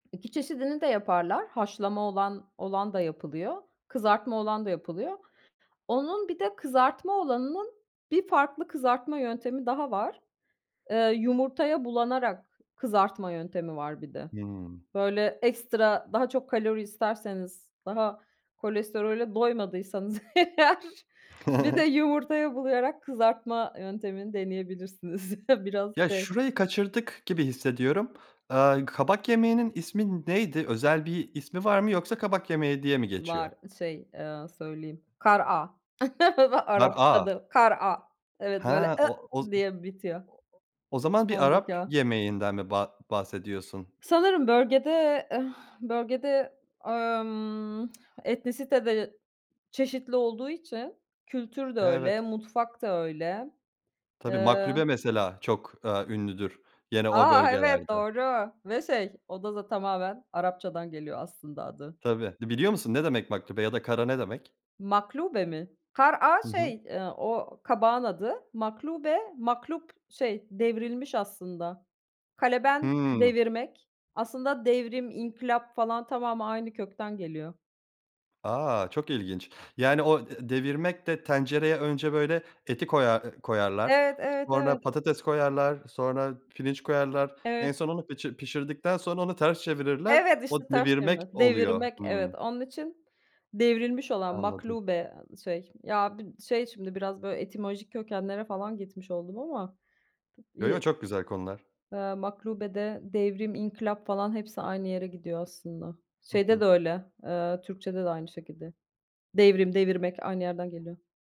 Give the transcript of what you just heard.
2 çeşidini de yaparlar. Haşlama olan olan da yapılıyor, kızartma olan da yapılıyor. Onun bir de kızartma olanının bir farklı kızartma yöntemi daha var. Eee, yumurtaya bulanarak kızartma yöntemi var bir de. Hımm. Böyle ekstra daha çok kalori isterseniz, daha kolesterole doymadıysanız eğer, bir de yumurtaya bulayarak kızartma yöntemini deneyebilirsiniz. Biraz Ya, şey şurayı kaçırdık gibi hissediyorum. Aaa, kabak yemeğinin ismi neydi özel bir ismi var mı yoksa kabak yemeği diye mi geçiyor? Var, şey, eee, söyleyeyim kara'a Kar'a. Arapçada kar'a. Evet, He, böyle o oz o diye bitiyor. o zaman bir Sondaki Arap "a". yemeğinden mi ba bahsediyorsun? Sanırım bölgede, eh, bölgede, emm, etnisite de çeşitli olduğu için kültür de öyle Evet. mutfak da öyle. Tabii, Eee maklube mesela çok, aaa, ünlüdür gene o A! Evet, bölgelerde. doğru ve şey, o da z tamamen Arapçadan geliyor aslında adı. Tabii. Biliyor musun ne demek maklube ya da kar'a ne demek? Maklube mi? Kara'a Hı hı. şey, eee, o kabağın adı. Maklube, maklub şey devrilmiş aslında, kaleben Hımm. devirmek. Aslında devrim, inkılap falan tamamı aynı kökten geliyor. A! Çok ilginç. Yani, o de devirmek de tencereye önce böyle eti koyar koyarlar. Evet, evet, Sonra evet. patates koyarlar. Sonra pirinç koyarlar. En Evet. son onu pişi pişirdikten sonra onu ters çevirirler. Evet, O işte ters devirmek çevirmek, oluyor. devirmek, evet, Hımm. onun için devrilmiş olan, Anladım. maklube ı şey, ya b şey şimdi biraz böyle etimolojik kökenlere falan gitmiş oldum ama. Yo, yo, Yı çok güzel konular. eee, maklubede devrim, inkılap falan hepsi aynı yere gidiyor aslında. Hı Şeyde hı. de öyle, eee, Türkçe'de de aynı şekilde. Devrim, devirmek aynı yerden geliyor.